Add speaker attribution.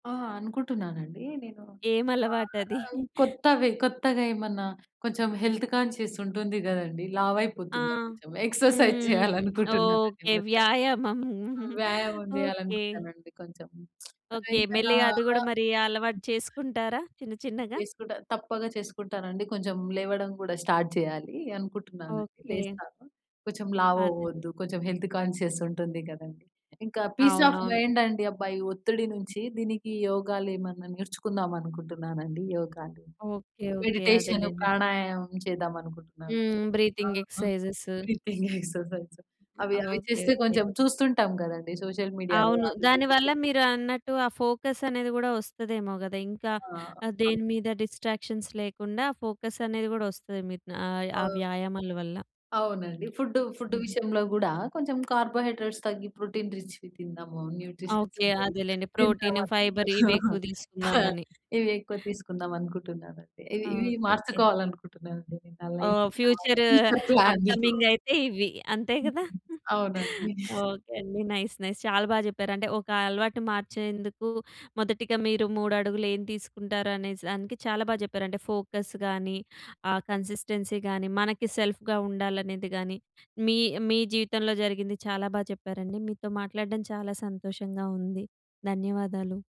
Speaker 1: ఆ! అనుకుంటున్నానండి. నేను ఆహ్,
Speaker 2: ఏమలవాటది?
Speaker 1: ఆహ్, కొత్తవి, కొత్తగా ఏమన్నా కొంచెం హెల్త్ కాన్షియస్ ఉంటుంది కదండీ!
Speaker 2: ఆ!
Speaker 1: లావైపోతున్నాం కొంచెం ఎక్సర్సైజ్
Speaker 2: హ్మ్.
Speaker 1: చేయాలనుకుంటున్నాను ఈ
Speaker 2: ఓకే.
Speaker 1: మధ్య.
Speaker 2: వ్యాయామం.
Speaker 1: వ్యాయామం
Speaker 2: ఓకే.
Speaker 1: చేయాలనుకున్నానండి కొంచెం. ఆ!
Speaker 2: ఓకే.
Speaker 1: ఇంకా నా
Speaker 2: మెల్లిగా అది కూడా
Speaker 1: ఆహ్
Speaker 2: మరి అలవాటు చేసుకుంటారా? చిన్న, చిన్నగా.
Speaker 1: చేసుకుంటా. తప్పక చేసుకుంటానండి. కొంచెం లేవడం కూడా స్టార్ట్ చేయాలి. అనుకుంటున్నానండి
Speaker 2: ఓకే.
Speaker 1: లేస్తాను. కొంచెం లావు
Speaker 2: అదే.
Speaker 1: అవ్వద్దు. కొంచెం హెల్త్ కాన్షియస్ ఉంటుంది కదండీ! ఇంకా పీస్ ఆఫ్
Speaker 2: అవునవును.
Speaker 1: మైండ్ అండి. అబ్బా! ఈ ఒత్తిడి నుంచి దీనికి యోగాలు ఏమన్నా నేర్చుకుందాం అనుకుంటున్నానండి. యోగాలు,
Speaker 2: ఓకే. ఓకే.
Speaker 1: మెడిటేషను,
Speaker 2: అదేలెండి.
Speaker 1: ప్రాణాయామం చేద్దామనుకుంటున్నాను.
Speaker 2: హ్మ్.
Speaker 1: ఆ!
Speaker 2: బ్రీతింగ్
Speaker 1: హ్మ్.
Speaker 2: ఎక్సర్సైజెస్.
Speaker 1: బ్రీతింగ్ ఎక్సర్సైజ్ అవి, అవి
Speaker 2: ఓకే.
Speaker 1: చేస్తే
Speaker 2: ఓకే.
Speaker 1: కొంచెం చూస్తుంటాం కదండీ. సోషల్ మీడియాలో
Speaker 2: అవును.
Speaker 1: వాళ్ళు
Speaker 2: దానివల్ల
Speaker 1: జూపిచ్చేవి.
Speaker 2: మీరన్నట్టు, ఆ ఫోకస్ అనేది కూడా వస్తదేమో కదా! ఇంకా
Speaker 1: ఆ!
Speaker 2: ఆహ్,
Speaker 1: అ
Speaker 2: దేని మీద డిస్ట్రాక్షన్స్ లేకుండా, ఫోకస్ అనేది కూడా వస్తది. మీకు ఆహ్, ఆ
Speaker 1: అవును.
Speaker 2: వ్యాయామాల వల్ల.
Speaker 1: అవునండి. ఫుడ్డు, ఫుడ్డు
Speaker 2: హుహు.
Speaker 1: విషయంలో కూడా కొంచెం కార్బోహైడ్రేట్స్ తగ్గి, ప్రోటీన్ రిచ్‌వి తిందాము, న్యూట్రిషన్స్
Speaker 2: ఓకే.
Speaker 1: ఉండేవి,
Speaker 2: అదేలెండి
Speaker 1: తిందాం
Speaker 2: ప్రోటీను,
Speaker 1: అని
Speaker 2: ఫైబర్ ఇవి ఎక్కువ తీసుకుందామని.
Speaker 1: ఇవి ఎక్కువ తీసుకుందాం అనుకుంటున్నాను అండి. ఇవి ఇవి
Speaker 2: ఓకే. ఓకే.
Speaker 1: మార్చుకోవాలి అనుకుంటున్నాను అండి. నా లైఫ్
Speaker 2: ఓహ్!
Speaker 1: [unintelligible]
Speaker 2: ఫ్యూచర్
Speaker 1: ఫ్యూచర్ ప్లాన్‌ని.
Speaker 2: అప్కమింగ్ అయితే ఇవి. అంతే కదా!
Speaker 1: అవునండి.
Speaker 2: ఓకే అండి. Nice nice. చాలా బాగా చెప్పారు అంటే ఒక అలవాటు మార్చేందుకు మొదటిగా మీరు 3 అడుగులు ఏం తీసుకుంటారు? అనే దానికి చాలా బాగా చెప్పారండి. ఫోకస్ కానీ, ఆ కన్సిస్టెన్సీ కానీ, మనకి సెల్ఫ్‌గా ఉండాలనేది కానీ, మీ మీ జీవితంలో జరిగింది చాలా బాగా చెప్పారండి. మీతో మాట్లాడడం చాలా సంతోషంగా ఉంది. ధన్యవాదాలు.